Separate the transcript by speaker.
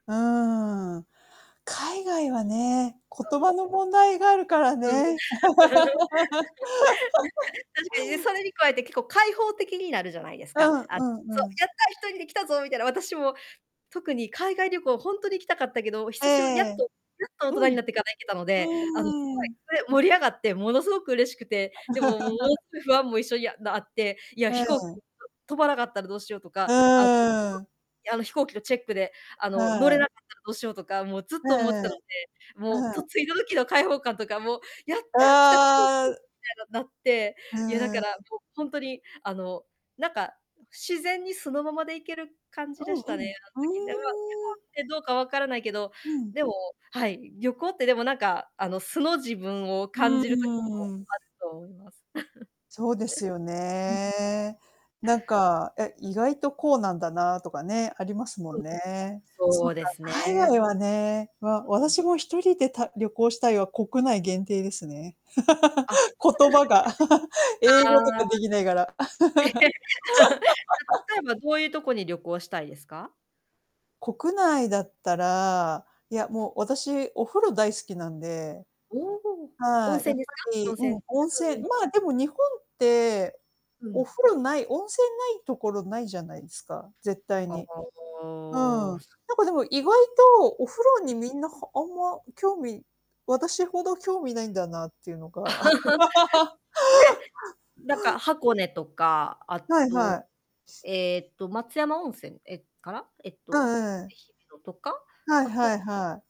Speaker 1: うーん。海外はね、言
Speaker 2: うん。
Speaker 1: 葉の問題があるから
Speaker 2: うん。
Speaker 1: ね。
Speaker 2: 確かにね、それに加えて結構開放的になるじゃないです
Speaker 1: う
Speaker 2: か。
Speaker 1: ん、
Speaker 2: あ、
Speaker 1: う
Speaker 2: そ
Speaker 1: ん、う
Speaker 2: う
Speaker 1: ん。
Speaker 2: 「やった、一人で来たぞ」みたいな。私も特に海外旅行、ほんとに行きたかったけど、
Speaker 1: え
Speaker 2: 久しぶりにやっ
Speaker 1: え。
Speaker 2: とやっと
Speaker 1: う
Speaker 2: 大人に
Speaker 1: ん。
Speaker 2: なってから行けたので、あのすごい、
Speaker 1: うーん。
Speaker 2: それ、盛り上がってものすごく嬉しくて。でももの す、不安も一緒にな、あって、いや
Speaker 1: う
Speaker 2: 飛行機と
Speaker 1: ん。
Speaker 2: 飛ばなかったらどうしようと
Speaker 1: う
Speaker 2: か、あの、い
Speaker 1: ーん。
Speaker 2: や、あの飛行機のチェックで、あの乗
Speaker 1: は
Speaker 2: れ
Speaker 1: い。
Speaker 2: なかったらどうしようとか、もうずっ
Speaker 1: う
Speaker 2: と思って
Speaker 1: んうん、
Speaker 2: たので。もう
Speaker 1: う
Speaker 2: と
Speaker 1: ん。
Speaker 2: 着いた時の開放感とかもう、「やった来た」み
Speaker 1: ああ。
Speaker 2: たいななって、
Speaker 1: う
Speaker 2: いやだ
Speaker 1: ー
Speaker 2: から、
Speaker 1: ん。
Speaker 2: そう、ほんとに、あのなんか自然に素のままでいける感じ
Speaker 1: う
Speaker 2: で
Speaker 1: ん
Speaker 2: し
Speaker 1: う
Speaker 2: たね、
Speaker 1: ん。
Speaker 2: あん
Speaker 1: ふ
Speaker 2: 時では。日本
Speaker 1: ーん。
Speaker 2: ってどうかわからないけど、
Speaker 1: うん。
Speaker 2: でも、はい、旅行ってでもなんか、あの素の自分を感
Speaker 1: う
Speaker 2: じる時も
Speaker 1: んうん。
Speaker 2: あると思います。
Speaker 1: そうですよ
Speaker 2: うん。
Speaker 1: ね。なんか、え、意外とこうなんだなとかね、ありますも
Speaker 2: うん。
Speaker 1: んね。そ
Speaker 2: そ
Speaker 1: っ
Speaker 2: う
Speaker 1: か、
Speaker 2: です
Speaker 1: 海
Speaker 2: ね。
Speaker 1: 外はね、わ
Speaker 2: うん。
Speaker 1: 私も一人でた旅行したいは国内限定ですね。
Speaker 2: あ、そうで
Speaker 1: 言葉が、英語と
Speaker 2: すあ
Speaker 1: かで
Speaker 2: あ。
Speaker 1: ぎないがら。
Speaker 2: た例 えばどういうとこに旅行したいですか？
Speaker 1: 国内だったら、いやもう私お風呂大好きなんで、
Speaker 2: おお、温
Speaker 1: はい、や
Speaker 2: 泉
Speaker 1: っ
Speaker 2: です
Speaker 1: ぱ
Speaker 2: か、温
Speaker 1: り、
Speaker 2: 泉。
Speaker 1: うん、温
Speaker 2: うんう
Speaker 1: 泉。
Speaker 2: ん。
Speaker 1: まあ、でも日本って
Speaker 2: う
Speaker 1: お
Speaker 2: ん。
Speaker 1: 風呂ない温泉ないところないじゃないですか、絶対
Speaker 2: あ
Speaker 1: に。うん。なん
Speaker 2: あ。
Speaker 1: かでも意外とお風呂
Speaker 2: ん。
Speaker 1: にみんなはあんま興味私ほど興味ないんだなっていうのが。
Speaker 2: え、なんか箱根とか、あ
Speaker 1: はいは
Speaker 2: と、
Speaker 1: い。
Speaker 2: ええと、松山温泉、え、かな？えっ
Speaker 1: うん、
Speaker 2: と、愛媛
Speaker 1: ええ。
Speaker 2: のとか、
Speaker 1: はい
Speaker 2: あ
Speaker 1: は
Speaker 2: と
Speaker 1: いはい。